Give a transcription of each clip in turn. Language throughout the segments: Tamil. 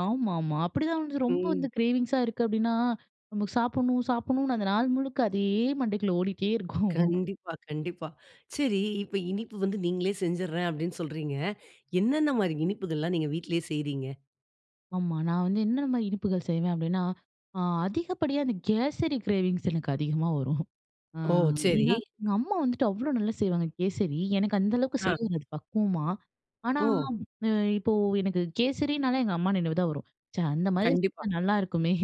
ஆமா, ஆமா அப்பிடிதான் வந்து, ரொம்ப வந்து ம். க்ரேவிங்ஸா இருக்கு அப்பிடின்னா, நமக்கு சாப்புட்ணும் சாப்புட்ணுன்னு, அந்த நாள் முழுக்க அதே மண்டைக்குள்ள ஓடிட்டே இருக்கும். கண்டிப்பா, கண்டிப்பா. சரி, இப்ப இனிப்பு வந்து நீங்களே செஞ்சுறேன் அப்பிடின்னு சொல்றீங்க. என்ன, என்ன மாரி இனிப்புகள்லாம் நீங்க வீட்டுலயே செய்றீங்க? ஆமா, நான் வந்து என்னென்ன இனிப்புகள் செய்வேன்? அப்பிடின்னா, அ அதிகப்படியான அந்த கேசரி கிரேவிங்ஸ் எனக்கு அதிகமா வரும். அ, ஓ! சரி. ஏன்னா எங்க அம்மா வந்துட்டு, அவ்ளோ நல்லா செய்வாங்க கேசரி. எனக்கு அந்த அளவுக்கு ஆ. செய்ய வராது பக்குவமா. ஆனா ஓ! அ, இப்போ எனக்கு கேசரினாலே எங்க அம்மா நினைவுதான் வரும். ச்சே! அந்தமாரி கண்டிப்பா. செஞ்சா நல்லாருக்குமே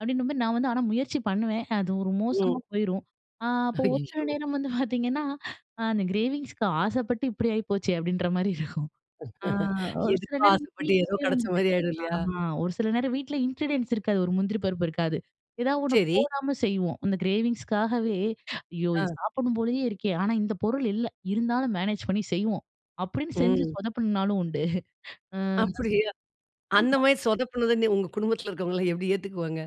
அப்பிடின்னும்மே நான் வந்து ஆனா முயற்சி பண்ணுவேன். அது ஒரு ம். மோசமா போயிரும். அ, அப்போ ஒரு சில ஐயய்யோ! நேரம் வந்து பாத்தீங்கன்னா, அந்த கிரேவிங்ஸ்க்கு ஆசப்பட்டு இப்பிடி ஆயிப்போச்சே! அப்பிடின்றமாரி இருக்கும். ஆ, ஒரு சில எதுக்கோ நேரம் ஆசப்பட்டு, ஏதோ வீட்டுலயே வந்துட்டு கெடச்சமாரி ஆயிரும் இல்லயா! அ ஒரு சில நேரம் வீட்டுல இன்கிரீடியன்ட்ஸ் இருக்காது, ஒரு முந்திரி பருப்பு இருக்காது. எதா ஒண்ணு சரி. போடாம செய்வோம், அந்த கிரேவிங்ஸுக்காகவே ஐயோ! இது ஆ. சாப்புட்ண்ணும் போலயே இருக்கே! ஆனா, இந்த பொருள் இல்ல, இருந்தாலும் மேனேஜ் பண்ணி செய்வோம், அப்பிடின்னு செஞ்சு ம். சொதப்புன நாளும் உண்டு அ, அப்பிடியா! ஆமா. அந்தமாரி சொதப்புனது நீ உங்க குடும்பத்துல இருக்குறவங்கள்லாம் எப்பிடி ஏத்துக்குவாங்க?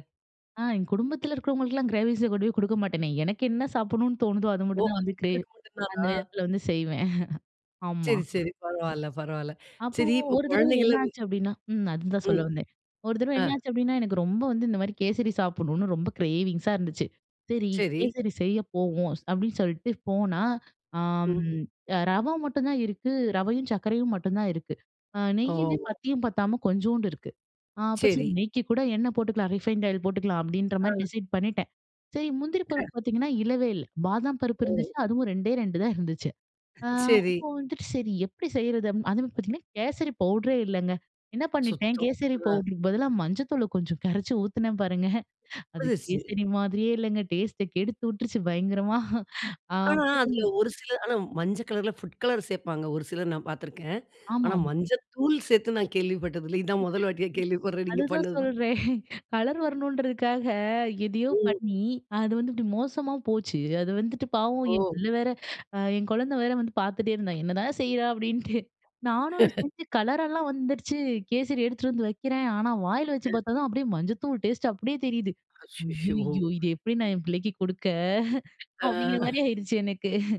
ஆ, எங்க குடும்பத்துல இருக்குறவங்களுக்குலாம் கிரேவிங்ஸ கொண்டுபோய் குடுக்க மாட்டேனே! எனக்கு என்ன சாப்புட்ணு தோணுதோ! அது ஒ! மட்டும்தான் அது வந்து கிரே உங்களுக்கு மட்டும் அந்த தானா? நேரத்துல வந்து செய்வேன் ஆமா. சரி, சரி. பரவால்ல, பரவால்ல. அப்போ சரி, இப்ப ஒரு தடவ என்ன குழந்தைகள்லாம் ஆச்சு? அப்பிடின்னா ம் அதுதான் சொல்ல ம், வந்தேன். ஒரு தடவ என்ன ஆ. ஆச்சு? அப்பிடின்னா எனக்கு ரொம்ப வந்து இந்த மாதிரி கேசரி சாப்புட்ணுன்னு, ரொம்ப க்ரேவிங்ஸா இருந்துச்சு. சரி, சரி. கேசரி செய்ய போவோம், அப்பிடின்னு சொல்ட்டு போனா, அம், ம். அ ரவ மட்டும்தான் இருக்கு, ரவையும், சர்க்கரையும் மட்டும் தான் இருக்கு. அ நெய்யுமே ஓ! பத்தியும், பத்தாம கொஞ்சோண்டு இருக்கு. அ அப்ப சரி சரி. நெய்க்கு கூட எண்ணெய் போட்டுக்கலாம், ரீஃபைன்ட் ஆயில் போட்டுக்கலாம், அப்பிடின்ற மாரி ஆ. டிசைட் பண்ணிட்டேன். சரி, முந்திரி க பருப்பு பாத்தீங்கன்னா இல்லவே இல்ல. பாதாம் பருப்பு ஓ! இருந்துச்சு. அதுவும் 2டே 2 தான் இருந்துச்சு. ஆ, சரி. அப்போ வந்துட்டு சரி எப்பிடி செய்யுறது? அதுமாரி பாத்தீங்கன்னா, கேசரி பவுடரே இல்லங்க. என்ன பண்ணிட்டேன் சுத்தம். கேசரி அ. பவுடருக்கு பதிலா மஞ்சள் தூள கொஞ்சம் கரச்சி ஊத்துனுனேன் பாருங்க அது முடிஞ்சுருச்சு. கேசரி மாதிரியே இல்லங்க டேஸ்ட்ட கெடுத்து விட்டுருச்சு பயங்கரமா! அ ஆனா, அப்புறம் அதுல ஒரு சில ஆனா மஞ்ச கலர்ல புட் கலர் சேப்பாங்க ஒரு சிலர். நான் பாத்துருக்கேன். ஆமா, ஆனா, ஆமா. மஞ்ச தூள் சேத்து நான் கேள்விப்பட்டது இல்ல. இதுதான் 1 வாட்டியா கேள்விப்படுறேன் நீங்க அதுதான் பண்ணதுதான். சொல்றேன், கலர் வரணுன்றதுக்காக, எதயோ ம். பண்ணி அது வந்து இப்பிடி மோசமா போச்சு. அது வந்துட்டு பாவம் என் ஓ! பிள்ள வேற, அ என் குழந்த வேற வந்து பாத்துட்டே இருந்தான், என்னதான் செய்றா? அப்பிடின்ட்டு, நானும் அத செஞ்சு கலராலாம் வந்துடுச்சு, கேசரி எடுத்துட்டு வந்து வக்கிறேன். ஆனா, வாயில அ. வச்சு பாத்தா தான் அப்பிடியே மஞ்சதூள் டேஸ்ட்டு அப்பிடியே தெரியுது. அச்சச்சோ! ஐயய்யோ! இது எப்பிடி நான் என் பிள்ளைக்கு குடுக்க? ஆ அப்பிடிங்கிற மாரி ஆயிருச்சு, எனக்கு.